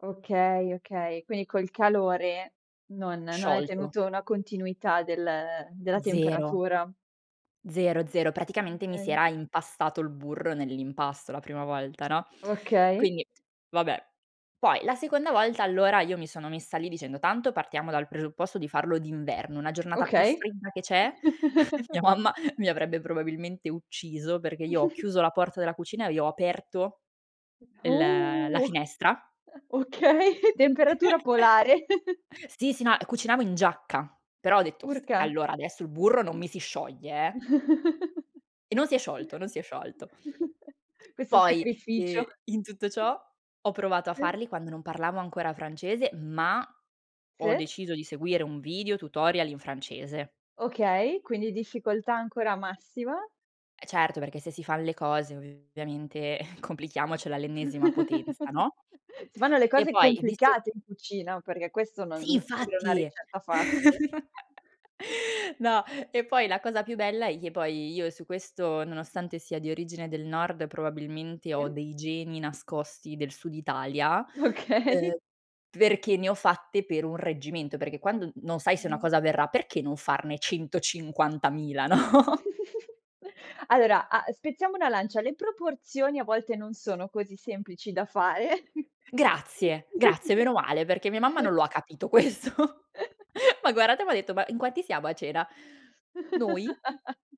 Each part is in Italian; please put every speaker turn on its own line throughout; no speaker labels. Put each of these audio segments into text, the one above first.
Okay, okay. Quindi col calore non non hai
Sciolto.
tenuto una continuità del della
0.
temperatura.
0, 0. Praticamente mi si
Okay.
era impastato il burro nell'impasto la prima volta, no,
Okay.
quindi vabbè. Poi la seconda volta, allora, io mi sono messa lì dicendo: "Tanto partiamo dal presupposto di farlo d'inverno, una giornata più
Okay.
fredda che c'è". Mia mamma mi avrebbe probabilmente ucciso perché io ho chiuso la porta della cucina e le ho aperto il la
Oh!
finestra.
Okay temperatura polare.
Sì, sì, no, ehm, cucinavo in giacca, però ho detto: "S
Urca.
allora, adesso il burro non mi si scioglie eh". E non si è sciolto, non si è sciolto.
Questo
Poi, ehm,
sacrificio.
in tutto ciò ho provato a
E.
farli quando non parlavo ancora francese, ma ho
Sì?
deciso di seguire un video tutorial in francese.
Okay, quindi difficoltà ancora massima.
Certo, perché se si fan le cose ovviamente complichiamocela all'ennesima potenza, no?
Si fanno le
E
cose
poi visto
complicate in cucina, perché questo non
Sì,
non sembra una
infatti.
ricetta facile.
No, e poi la cosa più bella è che poi io su questo, nonostante sia di origine del nord probabilmente ho
Se?
dei geni nascosti del sud Italia,
Okay.
uhm, perché ne ho fatte per un reggimento, perché quando non sai se una
Ah-ah.
cosa verrà, perché non farne 150.000, no?
Allora, a spezziamo una lancia, le proporzioni a volte non sono così semplici da fare.
Grazie, grazie, meno male perché mia mamma non lo ha capito questo. M'ha guardata e m'ha detto: "Ma in quanti siamo a cena? Noi?".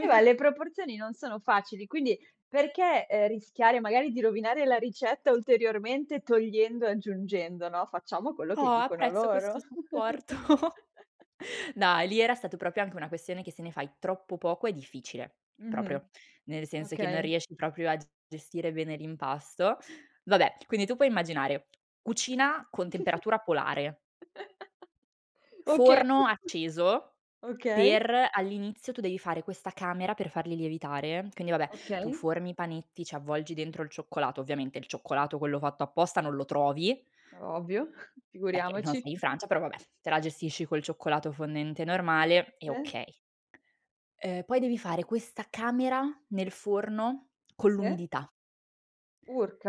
Eh, ma le proporzioni non sono facili, quindi perché, ehm, rischiare magari di rovinare la ricetta ulteriormente togliendo aggiungendo, no, facciamo quello
Oh,
che dicono
apprezzo
loro.
questo supporto. Dai, lì era stato proprio anche una questione che se ne fai troppo poco è difficile,
Mh-mh,
proprio. Nel senso che non
okay.
riesci proprio a g gestire bene l'impasto. Vabbè, quindi tu puoi immaginare cucina con temperatura polare
Oka
forno acceso
ok.
per all'inizio tu devi fare questa camera per farli lievitare. Quindi, vabbè, tu
Ok.
formi i panetti, ci avvolgi dentro il cioccolato, ovviamente, il cioccolato quello fatto apposta non lo trovi
Ovvio,
perché non
figuriamoci.
sei in Francia, però, vabbè, te la gestisci col cioccolato fondente normale e
Sì.
okay. Ehm, poi devi fare questa camera nel forno con
Sì.
l'umidità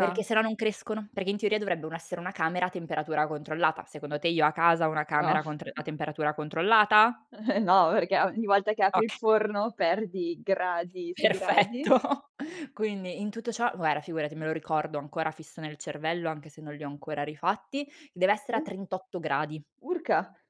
perché se no, non crescono, perché in teoria dovrebbe u essere una camera a temperatura controllata. Secondo te, io a casa ho una
No.
camera con tr a temperatura controllata?
Eh no, perché ogni volta che apri
Ok
il forno perdi gradi su gradi.
Perfetto. Quindi in tutto ciò, guarda, figurati me lo ricordo ancora fisso nel cervello, anche se non li ho ancora rifatti, deve essere a
E?
38 gradi.
Urca.